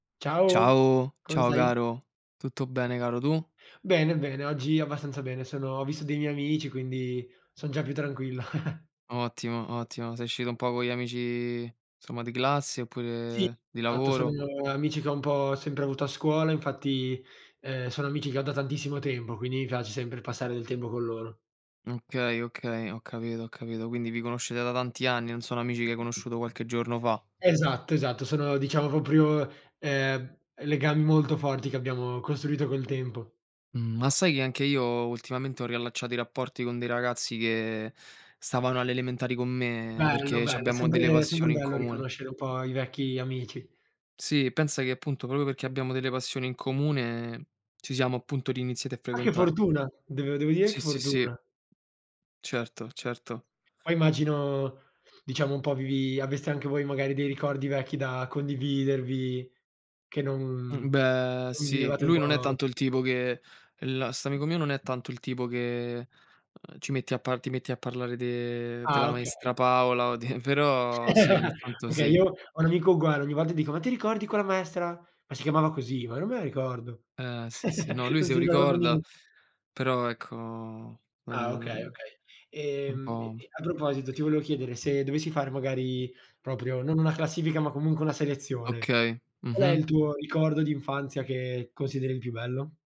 Ciao, Ciao, come ciao stai? caro. Tutto bene caro, tu? Bene, bene, oggi abbastanza bene. Sono ho visto dei miei amici quindi son già più tranquillo. Ottimo, ottimo. Sei uscito un po' con gli amici, somma, di classe Sì, oppure di esatto, sono lavoro? amici che ho un po' sempre avuto a scuola, infatti, ehm, sono amici che ho da tantissimo tempo, quindi mi piace sempre passare del tempo con loro. Okay, okay, ho capito ho capito. Quindi vi conoscete da tanti anni, non sono amici che hai conosciuto qualche giorno fa. Esatto, esatto, sono, diciamo proprio, ehm, legami molto forti che abbiamo costruito col tempo. Mh, ma sai che anche io ultimamente ho riallacciato i rapporti con dei ragazzi che stavano alle elementari con me, Bello, perché bello, è c'abbiamo delle sempre è sempre passioni in bello comune. riconoscere un po' i vecchi amici. Sì, pensa che appunto proprio perché abbiamo delle passioni in comune, ci siamo appunto, riiniziati a Ma che frequentare. fortuna! Dev devo dire che Sì, sì, sì. fortuna! Certo, certo. Poi immagino diciamo un po' vi aveste anche voi magari dei ricordi vecchi da condividervi, che non Mh, mhmm, beh, non sì, vivevate un lui po' non è tanto il [unintelligible] tipo che l st'amico mio non è tanto il tipo che, uhm, ci metti a parlare ti metti a parlare de Ah della maestra okay. Paola o di però sì, ogni tanto Okay, sì. io ho un amico uguale, ogni volta dico: "Ma ti ricordi quella maestra?" "Ma si chiamava così? Ma non me la ricordo." Eh sì, sì, no, lui Non se si lo ricorda proprio ricorda, niente. però ecco, n Ah n okay, n okay. è un Ehm, e po'. e a proposito, ti volevo chiedere, se dovessi fare magari proprio non una classifica, ma comunque una selezione, Okay. qual è Mh-mh. il tuo ricordo d'infanzia che consideri il più bello?